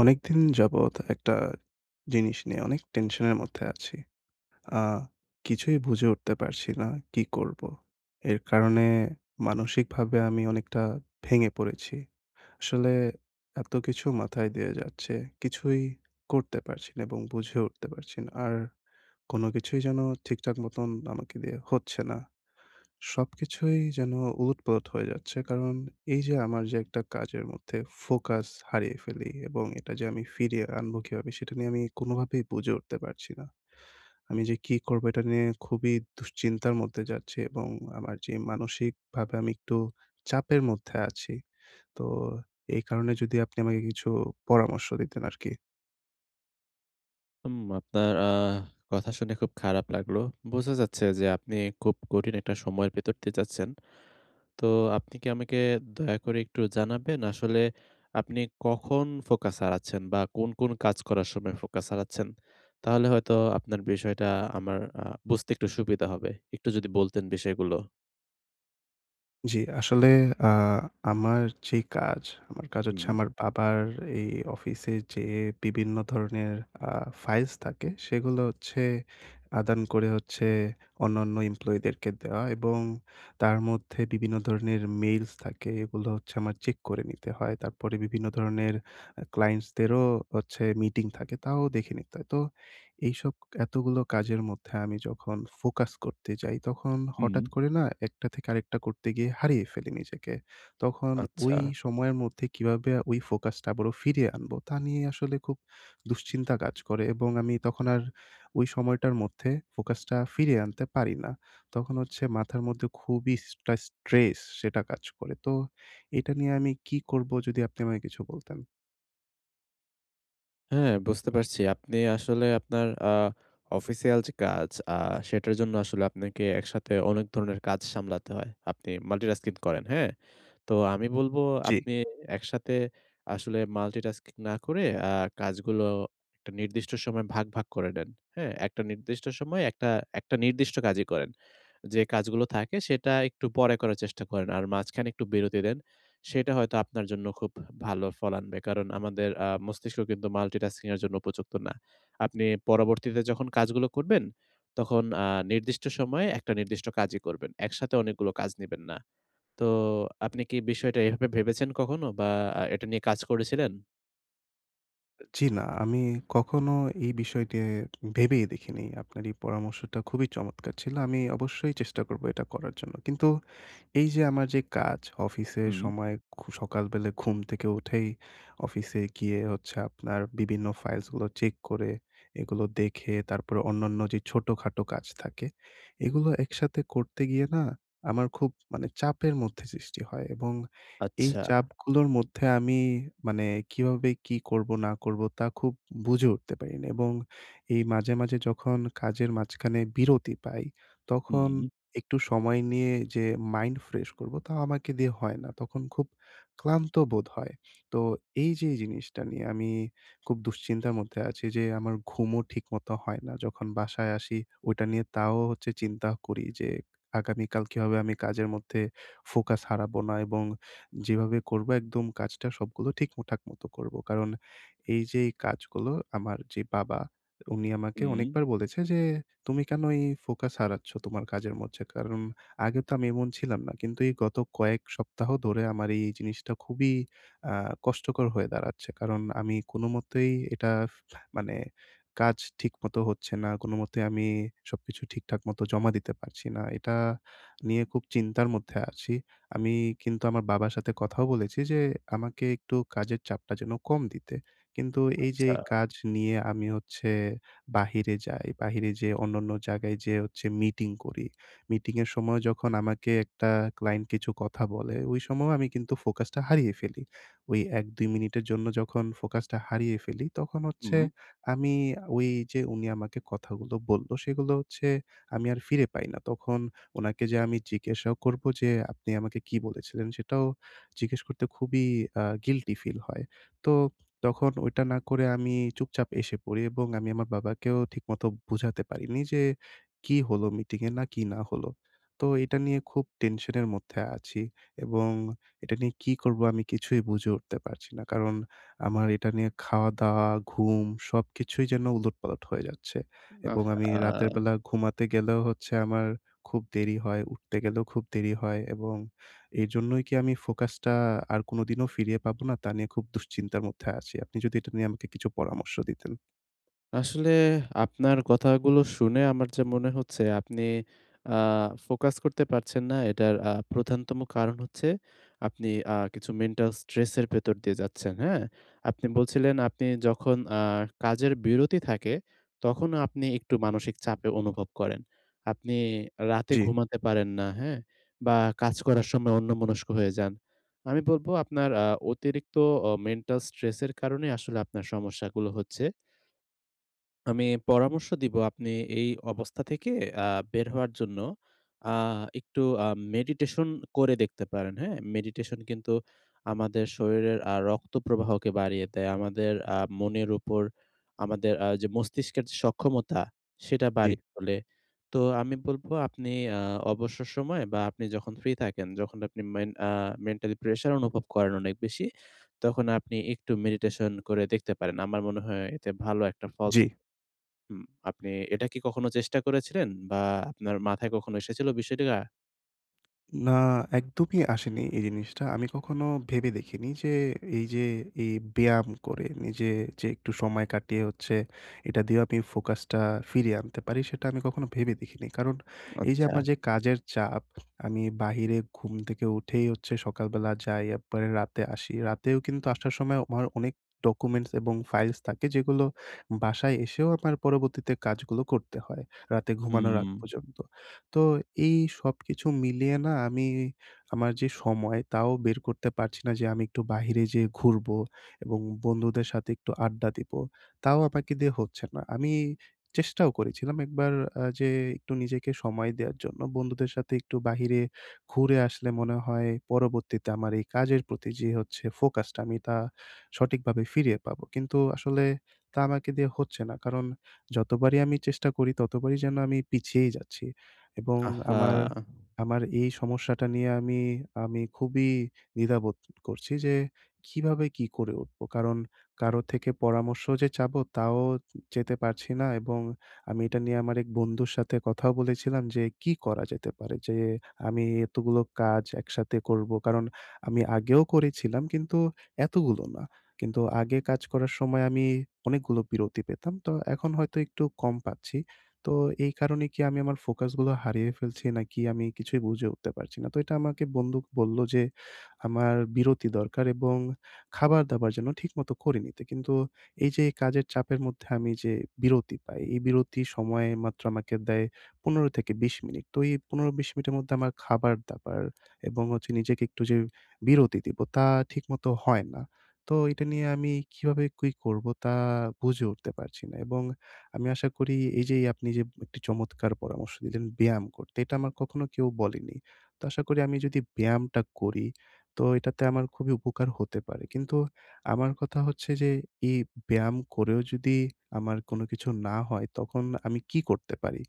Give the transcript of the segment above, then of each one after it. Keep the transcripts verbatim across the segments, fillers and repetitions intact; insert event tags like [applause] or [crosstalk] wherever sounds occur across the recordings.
অনেকদিন যাবৎ একটা জিনিস নিয়ে অনেক টেনশন এর মধ্যে আছি। আ কিছুই বুঝে উঠতে পারছি না। কি করব? এর কারণে মানসিকভাবে আমি অনেকটা ভেঙে পড়েছি। আসলে এতকিছু মাথায় দিয়ে যাচ্ছে। কিছুই করতে পারছি না এবং বুঝে উঠতে পারছি না। আর, কোন কিছুই যেন ঠিকঠাক মতন আমাকে দিয়ে হচ্ছে না। সবকিছুই যেন ওলটপালট হয়ে যাচ্ছে। কারণ এই যে আমার যে একটা কাজের মধ্যে ফোকাস হারিয়ে ফেলি এবং এটা যে আমি ফিরিয়ে আনবো কিভাবে, সেটা নিয়ে আমি কোনভাবেই বুঝে উঠতে পারছি না। [inhales] আমি যে কি করবো এটা নিয়ে খুবই দুশ্চিন্তার মধ্যে যাচ্ছি এবং আমার যে মানসিকভাবে আমি একটু চাপের মধ্যে আছি। তো এই কারণে যদি আপনি আমাকে কিছু পরামর্শ দিতেন আরকি। হুম। আপনার আ কথা শুনে খুব খারাপ লাগলো। বোঝা যাচ্ছে যে আপনি খুব কঠিন একটা সময়ের ভেতর দিয়ে যাচ্ছেন। তো আপনি কি আমাকে দয়া করে একটু জানাবেন, আসলে আপনি কখন ফোকাস হারাচ্ছেন? বা কোন, কোন, কাজ করার সময় ফোকাস হারাচ্ছেন? তাহলে হয়তো আপনার বিষয়টা আমার আ বুঝতে একটু সুবিধা হবে। একটু যদি বলতেন বিষয়গুলো। জ্বি, আসলে আ আমার যেই কাজ, আমার কাজ হচ্ছে উহুম। আমার বাবার এই অফিসে যে বিবিন্ন ধরনের আ ফাইলস তাকে, সেগুলো হচ্ছে আদান করে হচ্ছে অন্যান্য এমপ্লয়িদেরকে দেওয়া এবং তার মধ্যে বিবিন্ন ধরনের মেইলস থাকে এগুলো হচ্ছে আমার চেক করে নিতে হয়। তারপরে বিভিন্ন ধরণের আ ক্লায়েন্টসদেরও হচ্ছে মিটিং থাকে, তাও দেখে নিতে হয়। তো এইসব এতগুলো কাজের মধ্যে আমি যখন ফোকাস করতে যাই তখন হঠাৎ হুম। করে না, একটা থেকে আরেকটা করতে গিয়ে হারিয়ে ফেলি নিজেকে। তখন ওই আচ্ছা। সময়ের মধ্যে কীভাবে ওই ফোকাসটা আবারও ফিরিয়ে আনবো তা নিয়েই আসলে খুব দুশ্চিন্তা কাজ করে এবং আমি তখন আর ওই সময়টার মধ্যে ফোকাসটা ফিরিয়ে আনতে পারি না। তখন হচ্ছে মাথার মধ্যে খুবই স্ট্রাস স্ট্রেস সেটা কাজ করে। তো এটা নিয়ে আমি কী করব যদি আপনি আমাকে কিছু বলতেন। হ্যাঁ, বুঝতে পারছি। আপনি আসলে আপনার আ অফিসিয়াল যে কাজ আ সেটার জন্য আসলে আপনাকে একসাথে অনেক ধরনের কাজ সামলাতে হয়। আপনি মাল্টিটাস্কিং করেন। হ্যাঁ? তো আমি বলব জ্বি। আপনি অ্যা একসাথে আসলে মাল্টিটাস্কিং না করে আ কাজগুলো একটা নির্দিষ্ট সময়ে ভাগ, ভাগ করে নেন। হ্যাঁ? একটা নির্দিষ্ট সময় একটা একটা নির্দিষ্ট কাজই করেন। যে কাজগুলো থাকে সেটা একটু পরে করার চেষ্টা করেন। আর মাঝখানে একটু বিরতি দেন। সেটা হয়তো আপনার জন্য খুব ভালো ফল আনবে। কারণ আমাদের আ মস্তিষ্ক কিন্তু মাল্টিটাস্কিং এর জন্য উপযুক্ত না। আপনি পরবর্তীতে যখন কাজগুলো করবেন, তখন আ নির্দিষ্ট সময়ে একটা নির্দিষ্ট কাজই করবেন। একসাথে অনেকগুলো কাজ নিবেন না। তো আপনি কি বিষয়টা এভাবে ভেবেছেন কখনো বা আ এটা নিয়ে কাজ করেছিলেন? জি, না। আমি কখনো এই বিষয়কে ভেবেই দেখিনি। আপনার এই পরামর্শটা খুবই চমৎকার ছিল। আমি অবশ্যই চেষ্টা করবো এটা করার জন্য। কিন্তু এইযে আমার যে কাজ, অফিসের হুম। সময় খু সকালবেলা ঘুম থেকে উঠেই অফিসে গিয়ে হচ্ছে আপনার বিভিন্ন ফাইলসগুলো চেক করে, এগুলো দেখে, তারপর অন্যান্য যে ছোটখাটো কাজ থাকে। এগুলো একসাথে করতে গিয়ে না? আমার খুব মানে চাপের মধ্যে সৃষ্টি হয়। এবং এই আচ্ছা। চাপগুলোর মধ্যে আমি মানে কিভাবে কি করবো, না করবো? তা খুব বুঝে উঠতে পারি না। এবং এই মাঝে, মাঝে যখন কাজের মাঝখানে বিরতি পাই, তখন হুম। একটু সময় নিয়ে যে মাইন্ড ফ্রেশ করবো, তা আমাকে দিয়ে হয় না। তখন খুব ক্লান্ত বোধ হয়। তো এইযে জিনিসটা নিয়ে আমি খুব দুশ্চিন্তার মধ্যে আছি যে, আমার ঘুমও ঠিক মতো হয় না। যখন বাসায় আসি, ওইটা নিয়ে তাও হচ্ছে চিন্তা করি যে, আগামীকাল কিভাবে আমি কাজের মধ্যে ফোকাস হারাবো না? এবং যেভাবে করবো একদম কাজটা, সবগুলো ঠিকমঠাক মতো করবো। কারণ, এইযে এই কাজগুলো আমার যে বাবা, উনি আমাকে হুম অনেকবার বলেছে যে, "তুমি কেন এই ফোকাস হারাচ্ছ তোমার কাজের মঝে?" কারণ আগে তো আমি এমন ছিলাম না। কিন্তু এই গত কয়েক সপ্তাহ ধরে আমার এই জিনিসটা খুবই আহ কষ্টকর হয়ে দাঁড়াচ্ছে। কারণ, আমি কোনোমতেই এটা মানে কাজ ঠিকমতো হচ্ছে না। কোনোমতেই আমি সবকিছু ঠিকঠাক মতো জমা দিতে পারছি না। এটা নিয়ে খুব চিন্তার মধ্যে আছি। আমি কিন্তু আমার বাবার সাথে কথাও বলেছি যে, আমাকে একটু কাজের চাপটা যেন কম দিতে। কিন্তু এইযে আচ্ছা। কাজ নিয়ে আমি হচ্ছে বাহিরে যাই, বাহিরে যেইয়ে অন্যন্য জায়গায় যেয়ে হচ্ছে মিটিং করি। মিটিংয়ের সময় যখন আমাকে একটা ক্লায়েন্ট কিছু কথা বলে, ওই সময়ও আমি কিন্তু ফোকাসটা হারিয়ে ফেলি। ওই এক, দুই মিনিটের জন্য যখন ফোকাসটা হারিয়ে ফেলি, তখন হচ্ছে হুম। আমি ওইযে উনি আমাকে কথাগুলো বললো, সেগুলো হচ্ছে আমি আর ফিরে পাই না। তখন ওনাকে যেয়ে আমি জিজ্ঞাসা করবো যে, আপনি আমাকে কী বলেছিলেন? সেটাও জিজ্ঞেস করতে খুবই অ্যা গিল্টি ফিল হয়। তো তখন ওইটা না করে আমি চুপচাপ এসে পড়ি। এবং আমি আমার বাবাকেও ঠিকমতো বুঝাতে পারিনি যে কি হলো মিটিংয়ে? না কি না হলো? তো এটা নিয়ে খুব টেনশনের মধ্যে আছি। এবং এটা নিয়ে কি করবো, আমি কিছুই বুঝে উঠতে পারছি না। কারণ, আমার এটা নিয়ে খাওয়া-দাওয়া, ঘুম সবকিছুই যেন উলটপালট হয়ে যাচ্ছে। এবং আমি রাতের আহহা! বেলা ঘুমাতে গেলেও হচ্ছে আমার খুব দেরি হয়, উঠতে গেলেও খুব দেরি হয়। এবং এইজন্যই কি আমি ফোকাসটা আ আর কোনদিনও ফিরিয়ে পাবো না? তা নিয়ে খুব দুশ্চিন্তার মধ্যে আছি। আপনি যদি এটা নিয়ে আমাকে কিছু পরামর্শ দিতেন। আসলে আপনার কথাগুলো শুনে আমার যা মনে হচ্ছে, আপনি আহ ফোকাস করতে পারছেন না। এটার আ প্রধানতম কারণ হচ্ছে, আপনি আহ কিছু মেন্টাল স্ট্রেসের ভেতর দিয়ে যাচ্ছেন। হ্যাঁ? আপনি বলছিলেন, আপনি যখন আহ কাজের বিরতি থাকে, তখনও আপনি একটু মানসিক চাপ অনুভব করেন। আপনি রাতে জি। ঘুমাতে পারেন না, হ্যাঁ? বা, কাজ করার সময় অন্যমনস্ক হয়ে যান। আমি বলবো, আপনার আ অতিরিক্ত অ মেন্টাল স্ট্রেসের কারণেই আসলে আপনার সমস্যাগুলো হচ্ছে। আমি পরামর্শ দিব, আপনি এই অবস্থা থেকে আহ বের হওয়ার জন্য আহ একটু আ মেডিটেশন করে দেখতে পারেন। হ্যাঁ? মেডিটেশন কিন্তু আমাদের শরীরের আ রক্তপ্রবাহকে বাড়িয়ে দেয়। আমাদের আ মনের উপর, আমাদের আ যে মস্তিষ্কের সক্ষমতা, সেটা জি। বাড়িয়ে তোলে। তো আমি বলবো, আপনি আ অবসর সময় বা, আপনি যখন ফ্রি থাকেন, যখন আপনি মেন আ মেন্টালি প্রেশার অনুভব করেন অনেক বেশি, তখন আপনি একটু মেডিটেশন করে দেখতে পারেন। আমার মনে হয় এতে ভালো একটা ফল জি। হুম, আপনি এটা কি কখনো চেষ্টা করেছিলেন, বা আপনার মাথায় কখনো এসেছিল বিষয়টা? না একদমই আসেনি এই জিনিসটা। আমি কখনো ভেবে দেখিনি যে এই যে, এই ব্যায়াম করে নিজে যে একটু সময় কাটিয়ে হচ্ছে, এটা দিয়েও আপনি ফোকাসটা ফিরিয়ে আনতে পারি, সেটা আমি কখনো ভেবে দেখিনি। কারণ এই যে আচ্ছা। আমার যে কাজের চাপ আমি বাহিরে ঘুম থেকে উঠেই হচ্ছে সকালবেলা যাই আপ্পারে রাতে আসি। রাতেও কিন্তু আসার সময়ও আমার অনেক ডকুমেন্টস এবং ফাইলস থাকে যেগুলো বাসায় এসেও আমার পরবর্তীতে কাজগুলো করতে হয়। রাতে ঘুমানোর আগ উম। পর্যন্ত। তো এই সবকিছু মিলিয়ে না আমি, আমার যে সময় তাও বের করতে পারছি না যে আমি একটু বাহিরে যেয়ে ঘুরবো এবং বন্ধুদের সাথে একটু আড্ডা দিবো। তাও আমাকে দিয়ে হচ্ছে না আমি চেষ্টাও করেছিলাম একবার আ যে একটু নিজেকে সময় দেওয়ার জন্য, বন্ধুদের সাথে একটু বাহিরে ঘুরে আসলে মনে হয় পরবর্তীতে আমার এই কাজের প্রতি যে হচ্ছে ফোকাসটা আমি তা সঠিকভাবে ফিরিয়ে পাবো। কিন্তু আসলে তা আমাকে দিয়ে হচ্ছে না। কারণ যতবারই আমি চেষ্টা করি, ততবারই যেন আমি পিছিয়েই যাচ্ছি এবং আহহা। আমার আমার এই সমস্যাটা নিয়ে আমি, আমি খুবই দ্বিধাবোধ করছি যে কিভাবে কি করে উঠবো! কারণ কারো থেকে পরামর্শ যে চাবো তাও চেতে পারছি না এবং আমি এটা নিয়ে আমার এক বন্ধুর সাথে কথাও বলেছিলাম যে কি করা যেতে পারে? যে আমি এতগুলো কাজ একসাথে করবো, কারণ আমি আগেও করেছিলাম কিন্তু এতগুলো না। কিন্তু আগে কাজ করার সময় আমি অনেক গুলো বিরতি পেতাম। তো এখন হয়তো একটু কম পাচ্ছি। তো এই কারণে কি আমি আমার ফোকাস গুলো হারিয়ে ফেলছি নাকি? আমি কিছুই বুঝে উঠতে পারছি না। তো এটা আমাকে বন্দুক বললো যে, "আমার বিরতি দরকার, এবং খাবার-দাবার যেন ঠিকমত করে নিতে।" কিন্তু এই যে কাজের চাপের মধ্যে আমি যে বিরতি পাই, এই বিরতি সময় মাত্র আমাকে দেয় পনেরো থেকে বিশ মিনিট। তো এই পনের-বিশ মিনিটের মদ্দে আমার খাবার-দাবার এবং হচ্ছে নিজেকে একটু যে বিরতি দিবো তা ঠিকমতো হয় না। তো এটা নিয়ে আমি কিভাবে কুই করবো তা বুঝে উঠতে পারছি না। এবং আমি আশা করি, এই যে এই আপনি যে একটি চমৎকার পরামর্শ দিলেন ব্যায়াম করতে, এটা আমার কখনো কেউ বলেনি। তো আশা করি আমি যদি ব্যায়ামটা করি তো এটাতে আমার খুবই উপকার হতে পারে। কিন্তু আমার কথা হচ্ছে যে, এই ব্যায়াম করেও যদি আমার কোন কিছু না হয় তখন আমি কী করতে পারি?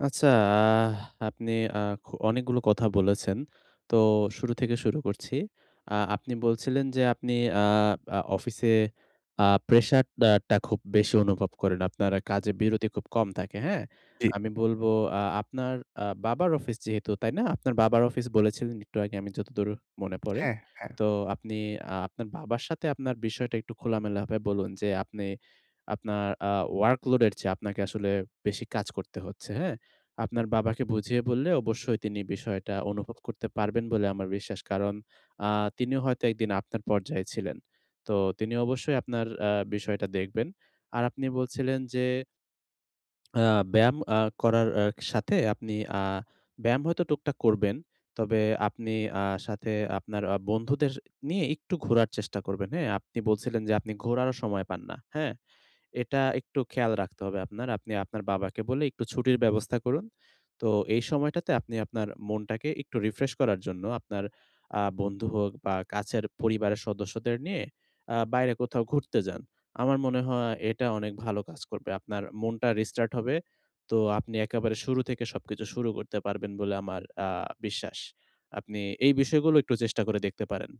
আচ্ছা, আহ! আপনি আ খু অনেকগুলো কথা বলেছেন। তো শুরু থেকে শুরু করছি। আ আপনি বলছিলেন যে আপনি আ আ অফিসে আ প্রেশাট দেয়াটা খুব বেশি অনুভব করেন। আপনারা কাজে বিরতি খুব কম থাকে। হ্যাঁ? জি। আমি বলব, আ আপনার আ বাবার অফিস যেহেতু, তাই না? আপনার বাবার অফিস বলেছিলেন একটু আগে, আমি যতদূর মনে পড়ে। হ্যাঁ, হ্যাঁ। তো আপনি আ আপনার বাবার সাথে আপনার বিষয়টা একটু খোলামেলা হাবে বলুন, যে আপনি আপনার আ ওয়ার্কলোডের চেয়ে আপনাকে আসলে বেশি কাজ করতে হচ্ছে হ্যাঁ? আপনার বাবাকে বুঝিয়ে বললে অবশ্যই তিনি বিষয়টা অনুভব করতে পারবেন বলে আমার বিশ্বাস। কারণ আ তিনিও হয়তো এক দিন আপনার পর্যায়ে ছিলেন। তো তিনি অবশ্যই আ আপনার বিষয়টা দেখবেন। আর আপনি বলছিলেন যে অ্যাঁ ব্যায়াম আ করার আ সাথে, আপনি অ্যাঁ ব্যায়াম হয়তো টুকটাক করবেন। তবে আপনি আ সাথে আপনার আ বন্ধুদের নিয়ে একটু ঘোরার চেষ্টা করবেন। হ্যাঁ? আপনি বলছিলেন যে আপনি ঘোরারও সময় পান না। হ্যাঁ? এটা একটু খেয়াল রাখতে হবে আপনার। আপনি আপনার বাবাকে বলে একটু ছুটির ব্যবস্থা করুন। তো এই সময়টাতে আপনি আপনার মনটাকে একটু রিফ্রেশ করার জন্য, আপনার অ্যাঁ বন্ধু হোক বা কাছের পরিবারের সদস্যদের নিয়ে আ বাইরে কোথাও ঘুরতে যান। আমার মনে হয়, এটা অনেক ভালো কাজ করবে। আপনার মনটা রিস্টার্ট হবে। তো আপনি একেবারে শুরু থেকে সবকিছু শুরু করতে পারবেন বলে আমার আ বিশ্বাস। আপনি এই বিষয়গুলো একটু চেষ্টা করে দেখতে পারেন।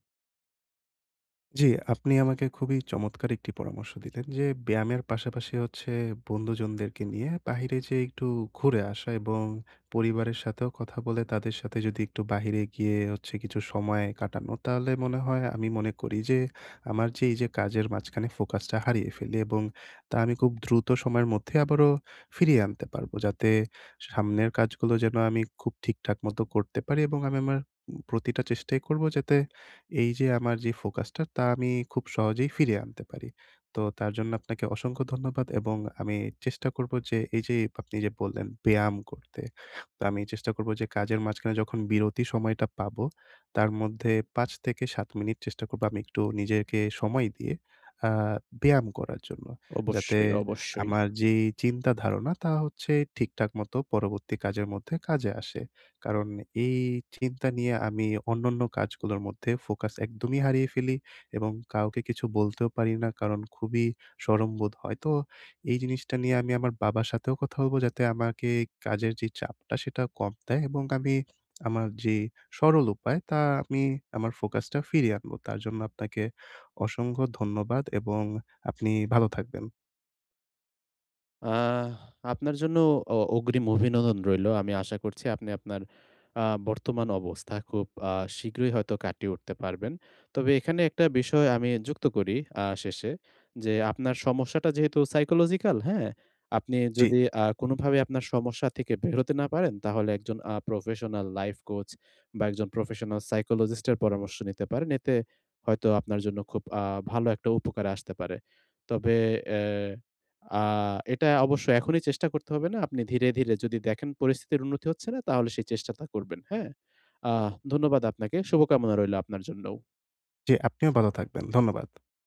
জি, আপনি আমাকে খুবই চমৎকার একটি পরামর্শ দিলেন যে ব্যায়ামের পাশাপাশি হচ্ছে, বন্ধুজনদেরকে নিয়ে বাহিরে যেয়ে একটু ঘুরে আসা এবং পরিবারের সাথেও কথা বলে তাদের সাথে যদি একটু বাহিরে গিয়ে হচ্ছে কিছু সময় কাটানো। তাহলে মনে হয় আমি মনে করি যে, আমার যে এই যে কাজের মাঝখানে ফোকাসটা হারিয়ে ফেলি, এবং তা আমি কুব দ্রুত সময়ের মধ্যে আবারও ফিরিয়ে আনতে পারবো। যাতে সামনের কাজগুলো যেন আমি খুব ঠিকঠাক মতো করতে পারি এবং আমি আমার উম প্রতিটা চেষ্টাই করব যাতে এই যে আমার যে ফোকাসটা তা আমি খুব সহজেই ফিরে আনতে পারি। তো তার জন্য আপনাকে অসংখ্য ধন্যবাদ। এবং আমি চেষ্টা করবো যে এই যে আপনি যে বললেন ব্যায়াম করতে। তো আমি চেষ্টা করব যে কাজের মাঝখানে যখন বিরতি সময়টা পাবো তার মধ্যে পাঁচ থেকে সাত মিনিট চেষ্টা করব আমি একটু নিজেরকে সময় দিয়ে আ ব্যায়াম করার জন্য। যাতে অবশ্যই, অবশ্যই। আমার যে চিন্তা ধারণা তা হচ্ছে ঠিকঠাক মত পরবর্তী কাজের মধ্যে কাজে আসে। কারণ এই চিন্তা নিয়ে আমি অন্যান্য কাজগুলোর মধ্যে ফোকাস একদমই হারিয়ে ফেলি এবং কাউকে কিছু বলতেও পারি না কারণ খুবই শরম বোধ হয়। তো এই জিনিসটা নিয়ে আমি আমার বাবার সাথেও কথা বলবো যাতে আমাকে কাজের যেই চাপটা সেটা কম দেয়, এবং আমি আমার যে সরল উপায় তা আমি আমার ফোকাসটা ফিরিয়ে আনবো। তার জন্য আপনাকে অসংখ্য ধন্যবাদ এবং আপনি ভালো থাকবেন। আহ! আপনার জন্য অ অগ্রিম অভিনন্দন রইলো। আমি আশা করছি আপনি আপনার আ বর্তমান অবস্থা খুব আ শীঘ্রই হয়তো কাটিয়ে উঠতে পারবেন। তবে এখানে একটা বিষয় আমি যুক্ত করি আ শেষে, যে আপনার সমস্যাটা যেহেতু psychological হ্যাঁ? আপনি জি। যদি আ কোনভাবে আপনার সমস্যা থেকে বের হতে না পারেন, তাহলে একজন আ professional life coach বা একজন professional psychologist এর পরামর্শ নিতে পারেন। এতে হয়তো আপনার জন্য খুব আ ভালো একটা উপকারে আসতে পারে। তবে অ্যা আ এটা অবশ্যই এখনই চেষ্টা করতে হবে না। আপনি ধীরে, ধীরে যদি দেখেন পরিস্থিতির উন্নতি হচ্ছে না, তাহলে সেই চেষ্টাটা করবেন। হ্যাঁ? আহ ধন্যবাদ আপনাকে। শুভকামনা রইলো আপনার জন্যও। জি, আপনিও বালো থাকবেন। ধন্যবাদ।